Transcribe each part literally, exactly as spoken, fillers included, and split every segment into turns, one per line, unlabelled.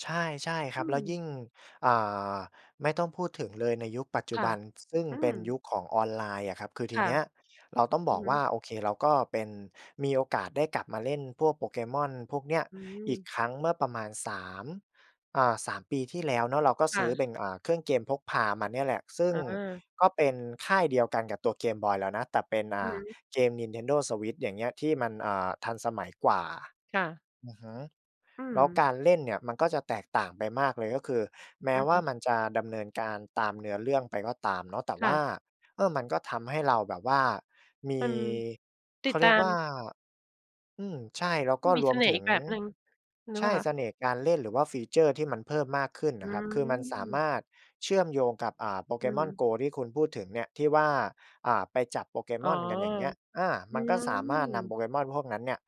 ใช่ ใช่คร
อ
ั
ื
บ แล้วย
อ
ิ่ง อ่า ไม่ต้องพูดถึงเลยในยุคปัจจ
ค
ุ
่
บ
ะ
ัน ซึ่ง
อื
เป
อ
็นยุคของออนไลน์อะครับ คือที
ค่
เ
ะ
นี้ยเราต้อง
อ
บ
ื
อ
อ
ก
ฮ
ว่า
ึ
โอเค เราก็เป็น มีโอกาสได้กลับมาเล่นพวก Pokémon พวกเนี้ย
อื
อีก
ม
ครั้ง เมื่อประมาณ สาม อ่า สาม ปีที่แล้วเนาะ เราก็
ค
ซ
่
ื้อเป
ะ
็น อ่า เครื่องเกมพกพามาเนี่ยแหละ ซึ่ง
อา
ก็เป็นค่ายเดียวกันกับตัวเกมบอยเรานะ แต่เป็น อ
อ
่
ือ
า
ฮึ
เกม Nintendo Switch อย่างเงี้ย ที่มัน อ่า ทันสมัยกว่า
ค่ะ
อือฮึ
อื
แล้วก
อ
ารเล่นเนี่ยมันก็จะแตกต่างไปมากเลย ก็คือแม
อ
้
ือ
ว
ฮ
่า
ึ
มันจะดำเนินการตามเนื้อเรื่องไปก็ตามเนาะ แต่
ค
ว
่
่า
ะ
เออ มันก็ทำให้เราแบบว่าม
อื
ี
ม ต
เ
ิ
ข
ด
าเ
ต
ร
า
ียก
ม
ว่า อืม ใช่ แล้วก็
มี
ร
เส
วม
น่ห
ถ
์
ึ
อี
ง
กแบบหนึ่งหรื
ใช
อเปล
่
่าคะ?
เสน่ห์การเล่น หรือว่า ฟีเชอร์ ที่มันเพิ่มมากขึ้น
อ
น
ื
ะครับ คือมันสาม
ม
ารถเชื่อมโยงกับ อ่า
อื
Pokémon
ม
Go ที่คุณพูดถึงเนี่ย ที่ว่า อ่า ไปจับ
อ๋อ
Pokémon กันอย่างเงี้ย อา
อื
มันก็สามารถนำ
ม
Pokémon พวกนั้นเนี่ย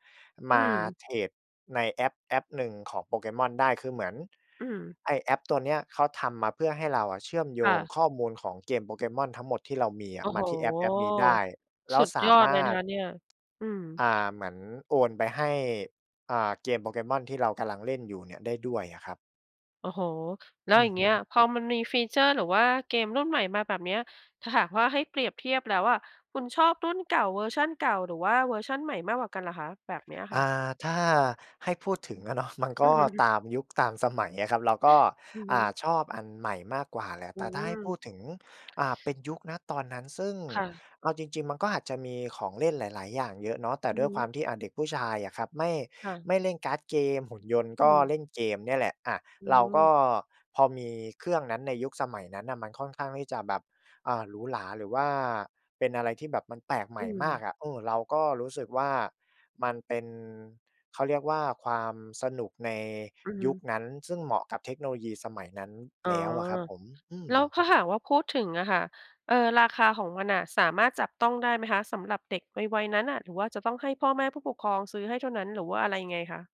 อ
ม
ื
า
ม
เทรดในแอปแอปหนึ่งของ Pokémon ได้ คือเหมือน
อืม
ไอ้แอปตัวนี้เขาทำมาเพื่อให้เราอะเชื่อมโย
ค่
ง
ะ
ข้อมูลของเกม Pokémon ทั้งหมดที่เรามีอะ
โอ้
มา
โฮ
ที่แอปแอปนี้ได้ แล้
ส
ว
ุด
สา
ยอด
ม
เล
า
ยน
ร
ะ
ถ
คะเนี่ย อืม
อ่า เหมือนโอนไปให้ อ่า เกม Pokémon ที่เรากำลังเล่นอยู่เนี่ยได้ด้วยอะครับ
โอ้โฮ แล้
อ
ว
ื
อย่
อ
าง
ฮ
เง
ึ
ี้ย พอมันมี ฟีเชอร์ หรือว่าเกมรุ่นใหม่มาแบบนี้ ถ้าหากว่าให้เปรียบเทียบแล้วอะ คุณชอบรุ่นเก่า เวอร์ชันเก่า หรือว่าเวอร์ชันใหม่มากกว่ากันล่ะคะ แบบนี้อะ
อ
ค่
่
ะ?
า ถ้าให้พูดถึงอะ เนาะ มันก
อื
็
อ ฮ
ต
ึ
ามยุคตามสมัยอะครับ เราก็
อือฮ
อ่า
ึ
ชอบอันใหม่มากกว่าแหละ
อื
แต่ถ้าให้พู
ม
ดถึง อ่า เป็นยุค ณ ตอนนั้น ซึ่ง
ค่ะ
เอาจริง ๆ มันก็อาจจะมีของเล่นหลาย ๆ อย่างเยอะเนาะ แต่
อื
ด
อ
้ว
ฮ
ยคว
ึ
ามที่ อ่า เด็กผู้ชายอะครับ ไม่
ค่ะ
ไม่เล่นการ์ดเกม หุ่นยนต์
อ
ก
ื
็
ม
เล่นเกมเนี่ยแหละ อะ
อื
เราก
ม
็พอมีเครื่องนั้นในยุคสมัยนั้นน่ะ มันค่อนข้างที่จะแบบ อ่า หรูหรา หรือว่าเป็นอะไรที่แบบมันแปลกใหม
อื
่มา
ม
กอะ เออ เราก็รู้สึกว่า มันเป็น เขาเรียกว่าความสนุกใน
อื
ยุ
ม
คนั้น ซึ่งเหมาะกับเทคโนโลยีสมัยนั้น
อ๋
แ
อ
ล้วอะครับผม อื
แล้
อ
วถ้าหากว่าพูดถึงอะค่ะ เอ่อ ราคาของมันน่ะสามารถจับต้องได้ไหมคะ สำหรับเด็กวัย ๆ นั้นอะ หรือว่าจะต้องให้พ่อแม่ผู้ปกครองซื้อให้เท่านั้น หรือว่าอะไรยังไงคะ?